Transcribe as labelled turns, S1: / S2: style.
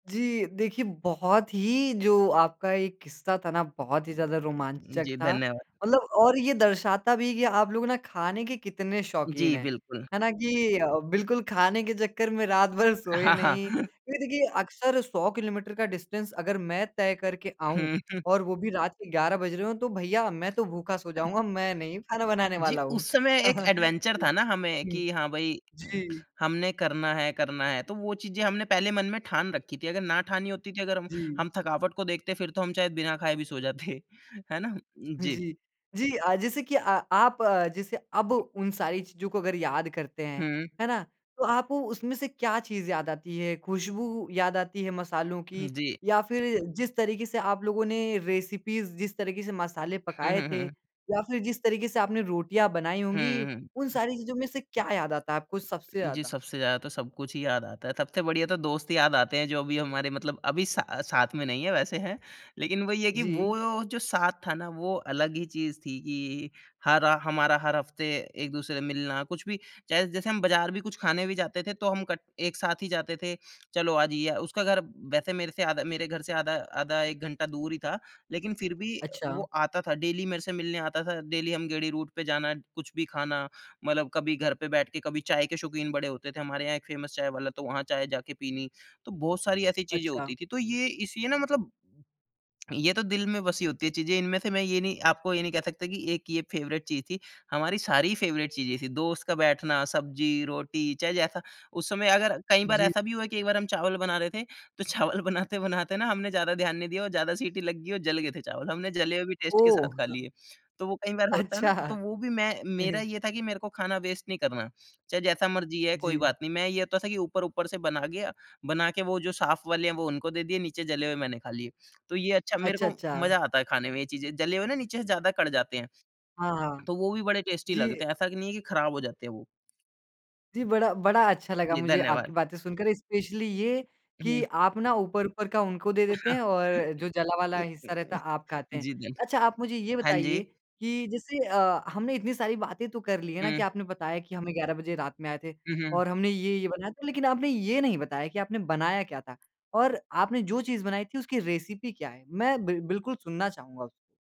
S1: जी, देखिए बहुत ही जो आपका ये किस्सा था न, बहुत ही ज़्यादा रोमांचक
S2: जी,
S1: था।
S2: धन्यवाद।
S1: मतलब और ये दर्शाता भी कि आप लोग ना खाने के कितने शौकीन
S2: जी,
S1: हैं,
S2: बिल्कुल।
S1: है ना? कि अ, बिल्कुल खाने के चक्कर में रात भर सोए
S2: हाँ,
S1: नहीं।
S2: हाँ।
S1: क्योंकि देखिए अक्सर 100 किलोमीटर का डिस्टेंस अगर मैं तय करके आऊँ
S2: हुँ, हुँ।
S1: और वो भी रात के 11 बज रहे हों तो भैया मैं तो भूखा सो जाऊँगा, मैं नहीं खाना बनाने
S2: जी,
S1: वाला हूँ।
S2: उस समय एक एडवेंचर
S1: हुँ,
S2: था न हमें
S1: हुँ।
S2: कि हाँ भई, उम,
S1: जी।
S2: हमने करना है करना है तो वो चीज़ें हमने पहले मन में ठान रखी थीं। अगर ना ठानी होती थी अगर हम
S1: जी।
S2: हम थकावट को देखते फिर तो हम शायद बिना खाए भी सो जाते, है ना? जी।
S1: जी। जी अ, जैसे कि अ, आप जैसे अब उन सारी चीज़ों को याद करते हैं,
S2: हुँ।
S1: है ना? तो आपको उसमें से क्या चीज़ याद आती है? खुशबू याद आती है मसालों
S2: हुँ,
S1: की
S2: जी।
S1: या फिर जिस तरीके से आप लोगों ने रेसिपीज़, जिस तरीके से मसाले
S2: हुँ,
S1: पकाए
S2: हुँ,
S1: थे
S2: हुँ।
S1: या फिर जिस तरीके से आपने रोटियाँ बनाई होंगी,
S2: हुँ, हुँ।
S1: उन सारी चीज़ों में से क्या याद आता है आपको सबसे
S2: जी
S1: ज़्यादा?
S2: सबसे ज़्यादा तो सब कुछ ही याद आता है। सबसे बढ़िया तो दोस्त ही याद आते हैं जो अभी हमारे मतलब अभी सा साथ में नहीं है, वैसे है। लेकिन वही है कि वो
S1: जी।
S2: जो साथ था न वो अलग ही चीज़ थी कि हर हमारा हर हफ़्ते एक दूसरे से मिलना। कुछ भी जैस जैसे हम बाज़ार भी कुछ खाने भी जाते थे तो हम कट एक साथ ही जाते थे। चलो आज ये उसका घर वैसे मेरे से आधा मेरे घर से आधा आधा 1 घंटा दूर ही था। लेकिन फिर भी
S1: अच्छा।
S2: वो आता था। डेली मेरे से मिलने आता था, डेली हम गेड़ी रूट पे जाना, कुछ भी खाना। मतलब कभी घर पे बैठ के कभी चाय के शौकीन बड़े होते थे, हमारे यहाँ एक फ़ेमस चाय वाला तो वहाँ चाय जाके पीनी। तो बहुत सारी ऐसी चीज़ें
S1: अच्छा।
S2: होती थीं तो ये इस ये न मतलब, ये तो दिल में बसी होती है चीज़ें, इनमें से मैं ये नहीं आपको ये नहीं कह सकता कि एक ये फ़ेवरेट चीज़ थी। हमारी सारी फ़ेवरेट चीज़ें थी। दोस्त का बैठना, सब्जी, रोटी चाहे जैसा उस समय अगर कई बार
S1: जी।
S2: ऐसा भी हुआ कि एक बार हम चावल बना रहे थे तो चावल बनाते-बनाते न हमने ज़्यादा ध्यान नहीं दिया और ज़्यादा सीटी लग गई और जल गए थे चावल। हमने जले हुए भी टेस्ट के साथ
S1: ओह!
S2: खा
S1: हाँ।
S2: लिए। तो वो कई बार होता है ना? तो
S1: अच्छा।
S2: वो भी मैं मेरा ये था कि मेरे को खाना वेस्ट नहीं करना। चाहे जैसा मर्ज़ी है कोई
S1: जी।
S2: बात नहीं। मैं ये होता था कि ऊपर-ऊपर से बना गया बना के वो जो साफ़ वाले हैं वो उनको दे दिए, नीचे जले हुए मैंने खा लिए। तो ये अच्छा मेरे
S1: अच्छा,
S2: को
S1: अच्छा।
S2: मज़ा आता है खाने में ये चीज़ें जले हुए ना नीचे से ज़्यादा कढ़ जाते हैं।
S1: हाँ, हाँ।
S2: तो वो भी बड़े टेस्टी लगते
S1: जी।
S2: हैं। ऐसा नहीं है कि ख़राब हो जाते हैं वो।
S1: जी, बड़ा बड़ा अच्छा लगा
S2: जी,
S1: मुझे आपकी
S2: धन्यवाद।
S1: बातें सुनकर। इस्पेशली ये कि
S2: हुँ।
S1: आप ना ऊपर-ऊपर का उनको दे देते हैं और जो जला वाला हिस्सा रहता है, आप
S2: [unintelligible]
S1: खाते हैं।
S2: जी धन्
S1: अच्छा आप मुझे ये
S2: हाँ जी।
S1: बताइए कि जैसे अ, हमने इतनी सारी बातें तो कर ली है ना कि
S2: हुँ।
S1: आपने बताया कि हम 11 बजे रात में आए थे
S2: हुँ, हुँ।
S1: और हमने ये-ये बनाया था। लेकिन आपने ये नहीं बताया कि आपने बनाया क्या था और आपने जो चीज़ बनाई थी उसकी रेसिपी क्या है? मैं बिल बिल्कुल सुनना चाहूँगा उसको।